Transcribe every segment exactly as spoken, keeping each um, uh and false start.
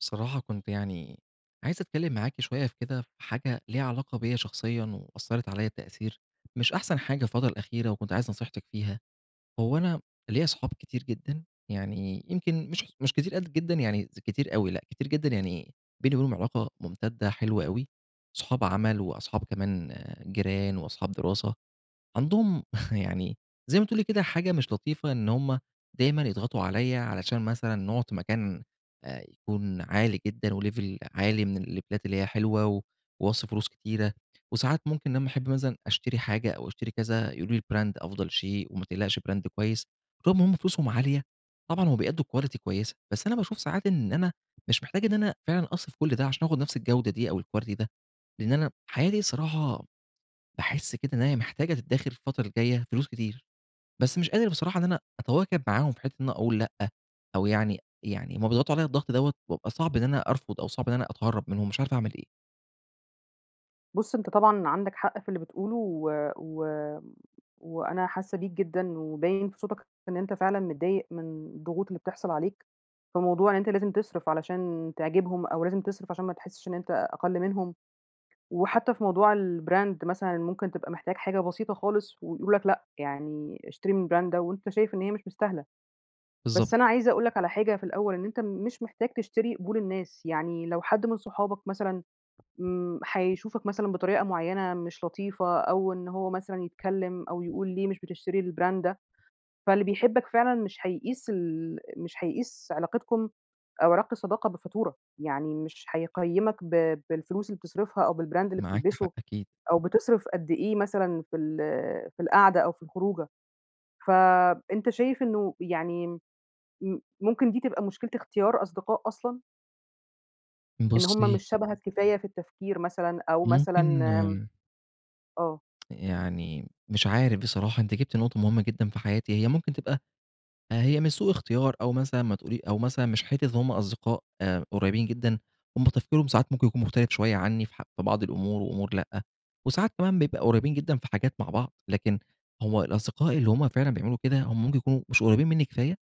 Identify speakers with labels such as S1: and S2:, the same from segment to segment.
S1: بصراحة كنت يعني، عايز أتكلّم معاكِ شويّة في كده في حاجة ليها علاقة بيّا شخصيًا وأثرت عليَّ تأثير، مش أحسن حاجة الفترة الأخيرة وكنت عايز نصيحتِك فيها. هو أنا ليَّا صحاب كتير جدًا، يعني يمكن مش مش كتيرأد جدًا، يعني كتير أوي لأ، كتير جدًا يعني، بيني وبينهم علاقة ممتدة حلوة أوي، صحاب عمَل وأصحاب كمان جيران وأصحاب دراسة. عندهم يعني، زي ما تقولي كده حاجة مش لطيفة إن هُم دايمًا يضغطوا عليَّ علشان مثلًا نقعد في مكان آآ يكون عالي جدًا وlevel عالي من الليفيلات اللي هي حلوة، و واصرف فلوس كتيرة، وساعات ممكن لمّا أحب مثلًا أشتري حاجة أو أشتري كذا يقولوا لي brand أفضل شيء وما تقلقش brand كويّس، طول ما هُم فلوسهم عالية طبعًا هو بيأدوا quality كويّسة، بس أنا باشوف ساعات إن أنا مش محتاج إن أنا فعلًا أصرف كل ده عشان آخد نفس الجودة دي أو الquilty ده، لإن أنا حياتي الصراحة باحس كده إن هي محتاجة تدخر الفترة الجايّة فلوس كتير، بس مش قادر بصراحة إن أنا أتواكب معاهم في حتة إن أنا أقول لأ، أو يعني يعني هُم بيضغطوا عليَّ الضغط دوّة، بابقى صعب إن أنا أرفض أو صعب إن أنا أتهرب منهم مش عارف أعمل إيه.
S2: بُص أنت طبعًا عندك حق في اللي بتقوله، و و وأنا حاسّة بيك جدًا، وباين في صوتك إن أنت فعلًا متضايق من الضغوط اللي بتحصل عليك، فموضوع إن أنت لازم تصرف، علشان تعجبهم، أو لازم تصرف عشان ما تحسّش إن أنت أقل منهم، وحتّى في موضوع الbrand مثلًا، ممكن تبقى محتاج حاجة بسيطة خالص، ويقولوا لك لأ يعني اشتري من الbrand ده، وأنت شايف إن هي مش مستاهلة.
S1: بالضبط.
S2: بس أنا عايزة أقول لك على حاجة في الأوّل، إن أنت مش محتاج تشتري قبول الناس، يعني لو حد من صحابك مثلًا م هيشوفك مثلًا بطريقة معيّنة مش لطيفة، أو إن هو مثلًا يتكلّم أو يقول ليه مش بتشتري الbrand ده، فاللي بيحبك فعلًا مش هيقيس ال مش هيقيس علاقتكم أو علاقة الصداقة بفاتورة، يعني مش هيقيّمك ب بالفلوس اللي بتصرفها، أو بالbrand اللي
S1: معاكِ
S2: بتلبسه،
S1: حق أكيد.
S2: أو بتصرف قد إيه مثلًا في ال في القعدة أو في الخروجة، فأنت شايف إنّه يعني م ممكن دي تبقى مشكلة اختيار أصدقاء أصلًا؟ إن هم
S1: بُصي
S2: مش شبهك كفاية في التفكير مثلًا، أو مثلًا
S1: ممكن
S2: آه.
S1: يعني مش عارف بصراحة، أنتِ جبتِ نقطة مهمّة جدًا في حياتي، هي ممكن تبقى هي مش سوء اختيار، أو مثلًا ما تقول أو مثلًا مش حتّة إن هم أصدقاء قريبين جدًا، هم تفكيرهم ساعات ممكن يكون مختلف شويّة عنّي، في ح بعض الأمور وأمور لأ، وساعات كمان بيبقى قريبين جدًا في حاجات مع بعض، لكن هو الأصدقاء اللي هم فعلًا بيعملوا كده، هم ممكن يكونوا مش قريبين مِنّي كفاية،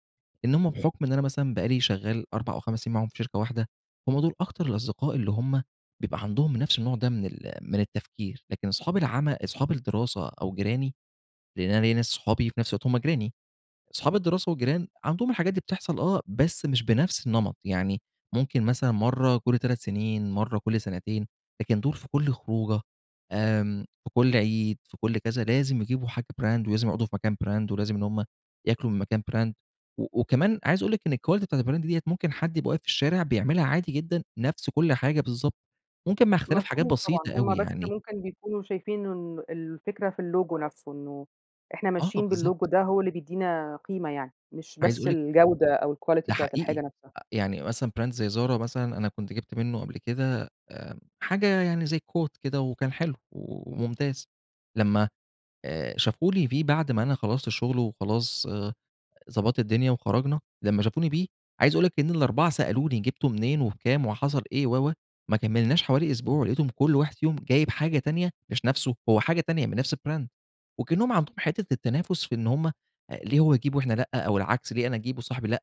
S1: إن هم بحكم إن أنا مثلًا بقى لي شغّال أربع أو خَمَس سنين معاهم في شركة واحدة، هم دول أكتر الأصدقاء اللي هم بيبقى عندهم نفس النوع ده من ال من التفكير، لكن أصحاب العم أصحاب الدراسة أو جيراني، لأن أنا ليّا أصحابي وفي نفس الوقت هم جيراني، أصحاب الدراسة والجيران، عندهم الحاجات دي بتحصل آه، بس مش بنفس النمط، يعني ممكن مثلًا مرّة كل تلات سنين، مرّة كل سنتين، لكن دول في كل خروجة، آمم في كل عيد، في كل كذا لازم يجيبوا حاجة brand، ولازم يقعدوا في مكان brand، ولازم إن هم ياكلوا من مكان brand، و وكمان عايز أقول لِك إن الquality بتاعة الBrand ديّة، ممكن حد يبقى واقف في الشارع بيعملها عادي جدًا، نفس كل حاجة بالضبط، ممكن مع اختلاف حاجات
S2: مفهوم طبعًا،
S1: بسيطة
S2: هم
S1: أوي
S2: بس
S1: يعني.
S2: ممكن بيكونوا شايفين إنه الفكرة في اللوجو نفسه، إنّه إحنا
S1: آه
S2: ماشيين باللوجو
S1: بالضبط.
S2: ده، هو اللي بيدّينا قيمة يعني، مش
S1: عايز
S2: بس
S1: أقول لِك
S2: الجودة أو الquality
S1: ده
S2: بتاعة
S1: حقيقي،
S2: الحاجة نفسها.
S1: يعني مثلًا brand زي Zara مثلًا، أنا كنت جبت منّه قبل كده آمم حاجة يعني زي coat كده، وكان حلو وممتاز، لمّا آآ شافوا لي فيه بعد ما أنا خلّصت الشغل وخلاص ضبّطت الدنيا وخرجنا، لمّا شافوني بيه عايز أقول لِك إن الأربعة سألوني جبته منين، وبكام وحصل إيه، و و ما كملناش حوالي أسبوع، ولقيتهم كل واحد يوم جايب حاجة تانية، مش نفسه، هو حاجة تانية من نفس الbrand. وكأنّهم عندهم حتّة التنافس، في إن هم ليه هو يجيب وإحنا لأ، أو العكس ليه أنا أجيب وصاحبي لأ،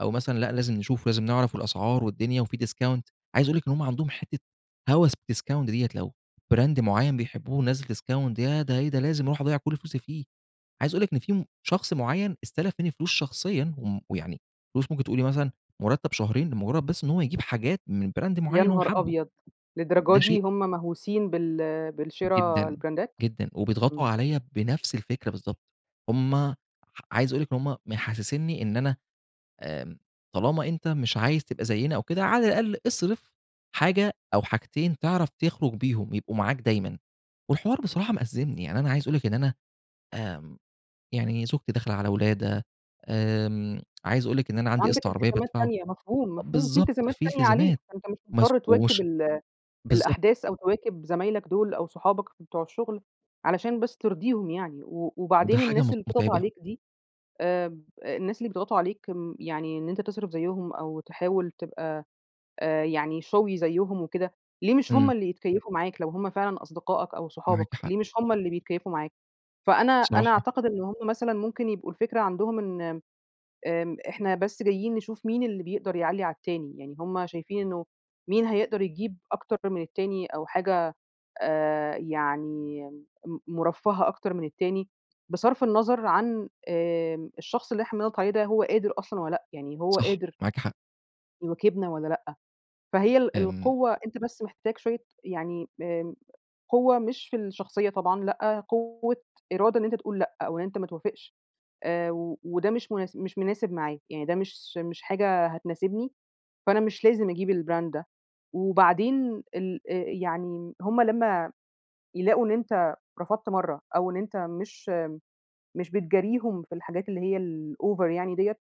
S1: أو مثلًا لأ لازم نشوف، ولازم نعرف الأسعار والدنيا وفي discount، عايز أقول لِك إن هم عندهم حتّة هوس بالdiscount ديّة، لو brand معيّن بيحبوه نزّل discount، ياه! ده إيه ده! لازم أروح أضيّع كل فلوسي فيه، عايز أقول لِك إن في شخص معيّن استلف مِنّي فلوس شخصيًا، و م يعني فلوس ممكن تقول لي مثلًا مرتب شهرين، لمجرّد بس إن هو يجيب حاجات من brand
S2: يا
S1: معيّن هو
S2: نهار
S1: حابه.
S2: أبيض! للدرجة
S1: ده
S2: دي
S1: شيء
S2: هم مهوسين بال بالشرا
S1: جدًا،
S2: البراندات،
S1: جدًا، وبيضغطوا
S2: إمم.
S1: عليَّ بنفس الفكرة بالضبط. هم عايز أقول لِك إن هم محسّسني إن أنا آمم طالما أنت مش عايز تبقى زينا أو كده، على الأقل أصرف حاجة أو حاجتين تعرف تخرج بيهم يبقوا معاك دايمًا، والحوار بصراحة مأزّمني، يعني أنا عايز أقول لِك إن أنا آمم، يعني زوجتي داخلة على ولادة، آمم، عايز أقول لِك إن أنا عندي
S2: عندك
S1: قسط عربيّة
S2: التزامات
S1: بادفعه،
S2: تانية، مفهوم، مفهوم، في
S1: بالضبط
S2: التزامات
S1: في
S2: تانية عليك
S1: التزامات
S2: فأنت مش
S1: ماس
S2: مضطر تواكب
S1: ومش
S2: ال
S1: بالضبط.
S2: الأحداث، أو تواكب زمايلك دول أو صحابك بتوع الشغل، علشان بس ترضيهم يعني و
S1: ده
S2: وبعدين
S1: حاجة
S2: الناس
S1: مت
S2: اللي بتضغط
S1: متعبة.
S2: عليك دي آمم الناس اللي بيضغطوا عليك يعني أنت تصرف زيهم أو تحاول تبقى آآ يعني showy زيهم وكده، ليه مش هم
S1: امم.
S2: اللي يتكيّفوا معاك، لو هم فعلًا أصدقائك أو
S1: معاكِ
S2: صحابك،
S1: حق.
S2: ليه مش هم اللي بيتكيفوا معاك؟ فأنا أنا
S1: بصراحة
S2: أعتقد إن هم مثلًا ممكن يبقوا الفكرة عندهم إن، آآ إحنا بس جايين نشوف مين اللي بيقدر يعلّي على التاني، يعني هم شايفين إنّه مين هيقدر يجيب أكتر من التاني، أو حاجة آآ يعني م مرفّهة أكتر من التاني، بصرف النظر عن آمم الشخص اللي إحنا بنضغط عليه ده، هو قادر أصلًا والّا لأ. يعني هو
S1: صح،
S2: قادر
S1: معاكِ حق.
S2: يواكبنا والّا لأ؟ فهي ال
S1: آمم.
S2: القوّة أنت بس محتاج شويّة يعني آمم قوّة مش في الشخصيّة طبعًا، لأ قوّة إرادة إن أنت تقول لأ، أو إن أنت ما توافقش آآ و وده مش مُناس مش مناسب معايا، يعني ده مش س مش حاجة هتناسبني، فأنا مش لازم أجيب البراند ده، وبعدين ال آآ يعني هُم لمّا يلاقوا إن أنت رفضت مرّة، أو إن أنت مش مش بتجاريهم في الحاجات اللي هي الOver يعني دِيَّة،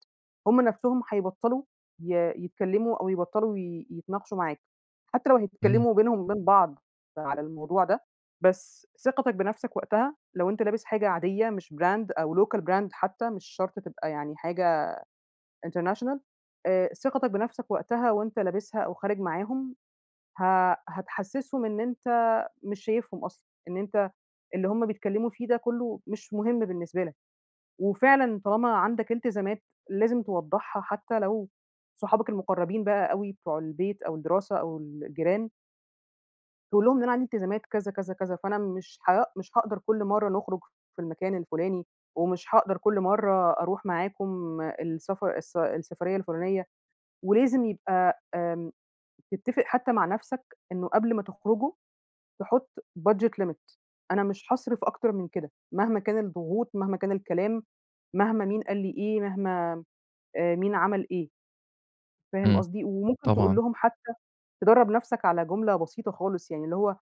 S2: هُم نفسهم هيبطلوا ي يتكلموا أو يبطلوا ي يتناقشوا معاك، حتّى لو
S1: امم.
S2: هيتكلموا بينهم وبين بعض على الموضوع ده، بس ثقتك بنفسك وقتها، لو أنت لابس حاجة عاديّة مش brand أو local brand حتّى، مش شرط تبقى يعني حاجة international آآ ثقتك بنفسك وقتها وأنت لابسها أو خارج معاهم، ه هتحسسهم إن أنت مش شايفهم أصلًا، إن أنت اللي هُم بيتكلّموا فيه ده كلّه مش مهم بالنسبة لك. وفعلًا طالما عندك إلتزامات، لازم توضحها حتّى لو صحابك المقربين بقى أوي، بتوع البيت أو الدراسة أو الجيران تقول لهم إن أنا عندي التزامات كذا، كذا، كذا، فأنا مش ها مش هاقدر كل مرة نخرج في المكان الفلاني، ومش هاقدر كل مرة أروح معاكم السفر الس السفرية الفلانية، ولازم يبقى آمم تتفق حتى مع نفسك إنه قبل ما تخرجوا تحط budget limit، أنا مش هاصرف أكتر من كده، مهما كان الضغوط، مهما كان الكلام، مهما مين قال لي إيه، مهما آآ مين عمل إيه. فاهم
S1: امم،
S2: قصدي؟ وممكن تقول
S1: طبعًا.
S2: لهم حتى تدرب نفسك على جملة بسيطة خالص، يعني اللي هو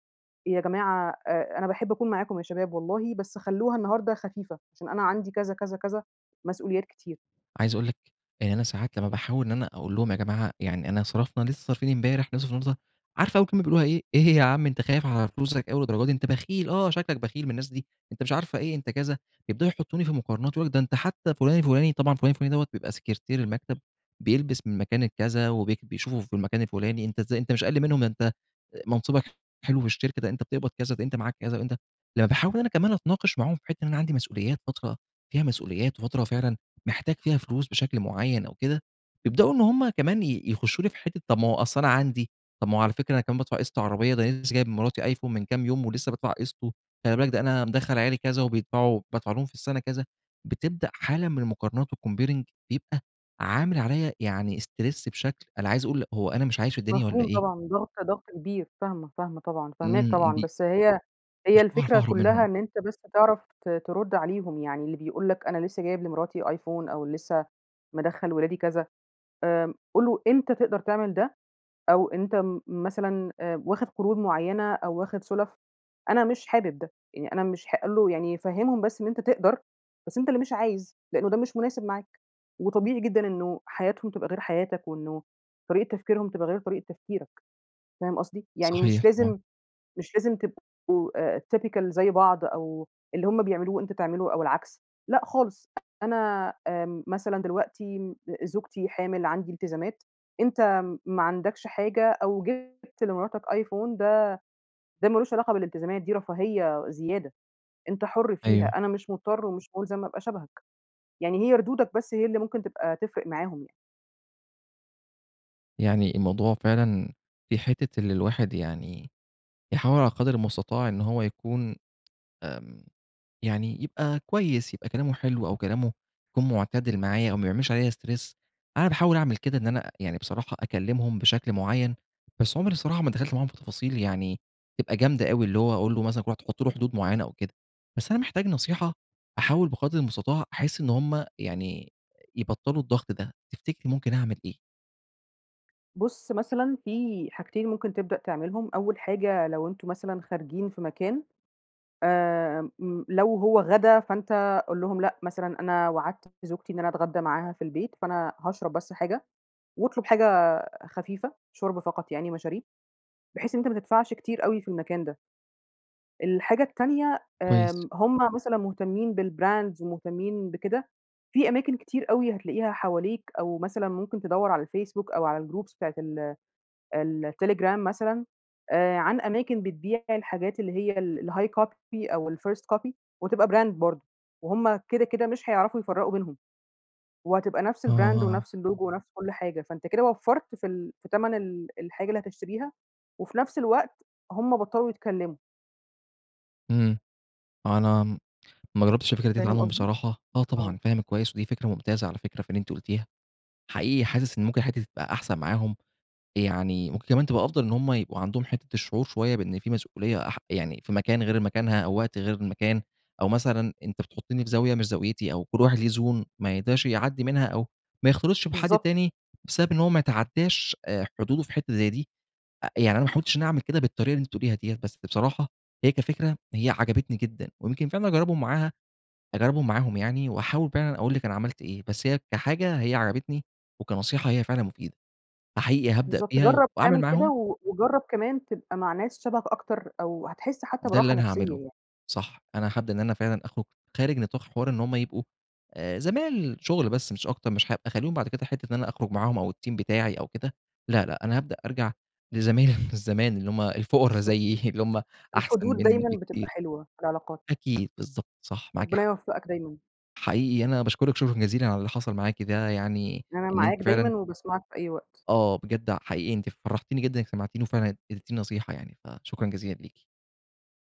S2: يا جماعة أ أنا باحب أكون معاكم يا شباب والله بس خلوها النهارده خفيفة، عشان أنا عندي كذا، كذا، كذا، مسؤوليات كتير.
S1: عايز أقول لِك يعني أنا ساعات لما باحاول إن أنا أقول لهم يا جماعة يعني أنا صرفنا لسه صارفين امبارح هنصرف النهاردة؟ عارفة أول كلمة بيقولوها إيه؟ إيه يا عم أنت خايف على فلوسك أوي للدرجة دي، أنت بخيل آه شكلك بخيل من الناس دي، أنت مش عارفة إيه أنت كذا، يبدأوا يحطوني في مقارنات، ده أنت حتى فلان الفلاني طبعًا فلان الفلاني بيبقى سكرتير المكتب، بيلبس من مكان الكذا وبي وبيشوفوه في المكان الفلاني، أنت ازاي أنت مش أقل منهم، ده أنت منصبك حلو في الشركة، ده أنت بتقبض كذا ده أنت معاك كذا وأنت لما باحاول أنا كمان أتناقش معاهم فى حِتّة إن أنا عندي مسؤوليات، فترة فيها مسؤوليات، وفترة فعلًا محتاج فيها فلوس بشكل معين أو كده، يبدأوا إن هم كمان ي يخشوا لي في حتة طب ما هو أصل أنا عندي، طب ما هو على فكرة أنا كمان بادفع قسط عربية، ده أنا لسه كمان جايب لمراتي آيفون من كام يوم، ولسه بادفع قِسطُه، خلي بالك ده أنا مدخّل عيالي كذا، وبيدفعوا وبادفع لهم في السنة كذا، بتبدأ حالة من المقارنات وcomparing، بيبقى عامل عليّا يعني stress بشكل، أنا عايز أقول هو أنا مش عايش في الدنيا والّا
S2: مفهوم
S1: إيه؟
S2: طبعًا ضاغطة ضغط كبير فاهمة، فاهمة طبعًا، فاهماك
S1: امم امم
S2: طبعًا،
S1: ب
S2: بس هي هي
S1: مش باعرف
S2: الفكرة
S1: اهرب
S2: كلها
S1: منهم.
S2: إن أنت بس تعرف ت ترد عليهم يعني اللي بيقول لك أنا لسه جايب لمراتي آيفون، أو لسه مدخّل ولادي كذا، آآ قل له أنت تقدر تعمل ده أو أنت م مثلًا آآ واخد قروض معينة، أو واخد سلف، أنا مش حابب ده يعني أنا مش حا قل له يعني فهمهم بس إن أنت تقدر بس أنت اللي مش عايز، لأنه ده مش مناسب معاك، وطبيعي جدًا إنه حياتهم تبقى غير حياتك، وإنه طريقة تفكيرهم تبقى غير طريقة تفكيرك، فاهم قصدي؟ يعني
S1: صحيح
S2: مش
S1: طبعًا.
S2: لازم مش لازم تبقوا آآ typical زي بعض، أو اللي هُم بيعملوه أنت تعمله أو العكس، لأ خالص أنا آمم مثلًا دلوقتي زوجتي حامل، عندي التزامات، أنت ما عندكش حاجة، أو جِبت لمراتك آيفون، ده ده مالوش علاقة بالالتزامات دي رفاهية زيادة أنت حُر فيها،
S1: أيوه.
S2: أنا مش مضطر ومش ملزم أبقى شبهك، يعني هي ردودك بس هي اللي ممكن تبقى تفرق معاهم يعني.
S1: يعني الموضوع فعلًا في حِتّة اللي الواحد يعني يحاول على قدر المستطاع إن هو يكون، آمم، يعني يبقي كويس يبقي كلامه حلو أو كلامه يكون معتدل معايا أو ما بيعملش عليّا Stress، أنا باحاول أعمل كده، إن أنا يعني بصراحة أكلمهم بشكل معين، بس عمري الصراحة ما دخلت معاهم في تفاصيل يعني تبقي جامدة أوي، اللي هو أقول له مثلًا كل واحد تحط له حدود معينة أو كده. بس أنا محتاج نصيحة أحاول بقدر المستطاع أحِس إن هُم يعني يبطلوا الضغط ده، تفتكري ممكن أعمل إيه؟
S2: بُص، مثلًا في حاجتين ممكن تبدأ تعملهم، أول حاجة لو أنتم مثلًا خارجين في مكان، آمم م لو هو غدا فأنت قُل لهم لأ، مثلًا أنا وعدت زوجتي إن أنا أتغدّى معاها في البيت، فأنا هاشرب بس حاجة. واطلُب حاجة خفيفة، شوربة فقط يعني مشاريب، بحيث إن أنت ما تدفعش كتير أوي في المكان ده. الحاجة التانية،
S1: كويس.
S2: آمم، هُم مثلًا مُهتمين بالBrands مُهتمين بكده، في أماكن كتير أوي هتلاقيها حواليك أو مثلًا ممكن تدوّر على الفيسبوك أو على الGroups بتاعة ال التليجرام مثلًا، آآ، عن أماكن بتبيع الحاجات اللي هي ال الHigh Copy أو الFirst Copy وتبقي Brand برضه، وهُم كده، كده مش هيعرفوا يفرقوا بينهم، وهتبقى نفس
S1: آه،
S2: الBrand
S1: آه، آه.
S2: ونفس الLogo ونفس كل حاجة، فأنت كده وفّرت في ال في تمن ال الحاجة اللي هتشتريها، وفي نفس الوقت هُم بطّلوا يتكلموا.
S1: إمم، أنا ما جرّبتش الفكرة ديّة
S2: فاهم
S1: عنهم
S2: قصدي؟
S1: بصراحة، آه،
S2: آه.
S1: طبعًا فاهمِك كويّس ودي فكرة ممتازة على فكرة في اللي أنتِ قلتيها. حقيقي حاسس إن ممكن الحتّة دي تبقى أحسن معاهم، يعني ممكن كمان تبقى أفضل إن هُم يبقوا عندهم حتّة الشعور شويّة بإن في مسؤوليّة أح يعني في مكان غير مكانها أو وقت غير المكان، أو مثلًا أنت بتحطني في زاوية مش زاويتي أو كل واحد ليه Zone ما يقدرش يعدّي منها أو ما يختلطش بحد
S2: بالضبط كده.
S1: تاني بسبب إن هو ما يتعدّاش آآ، حدوده في حتّة زي دي. آآ، يعني أنا ما حاولتش إن أنا أعمل كده بالطريقة اللي أنتِ بتقوليها دي، بس بصراحة هي كفكرة، هي عجبتني جدًا ويمكن فعلًا أجربهم معاها أجربهم معاهم يعني واحاول فعلًا أقول لِك أنا عملت إيه. بس هي كحاجة هي عجبتني، وكنصيحة هي فعلًا مفيدة. فحقيقي هابدأ
S2: بالضبط،
S1: بيها
S2: جرّب
S1: وأعمل
S2: تعمل كده،
S1: معاهم
S2: و وجرّب كمان تبقى مع ناس شبهك أكتر أو هتحس حتّى
S1: ده اللي
S2: براحة
S1: أنا
S2: نفسيّة
S1: هاعمله،
S2: يعني.
S1: صح. أنا هابدأ إن أنا فعلًا أخرج خارج نطاق حوار إن هُم يبقوا، آآ زمايل شغل بس مش أكتر، مش هابقى أخلّيهم بعد كده حتّة إن أنا أخرج معاهم أو الteam بتاعي أو كده، لا، لا أنا هابدأ أرجع لزمايل زمان اللي هم الفقرا
S2: بالضبط،
S1: زيي، اللي هُم أحسن
S2: الحدود
S1: مِنّي
S2: دايمًا بتبقى
S1: بكتير.
S2: حلوة فى العلاقات.
S1: أكيد بالضبط، صح، معاكِ
S2: ربنا
S1: حق.
S2: يوفقك دايمًا.
S1: حقيقي أنا باشكرِك شكرًا جزيلًا على اللي حصل معاكِ ده، يعني
S2: أنا
S1: إن
S2: معاك
S1: أنتِ فعلًا
S2: دايمًا، وباسمعك في أي وقت.
S1: آه، بجد ع حقيقي أنتِ فرحتيني جدًا إنِك سمعتيني، و فعلًا إديتيني نصيحة يعني، فشكرًا جزيلًا ليكِ.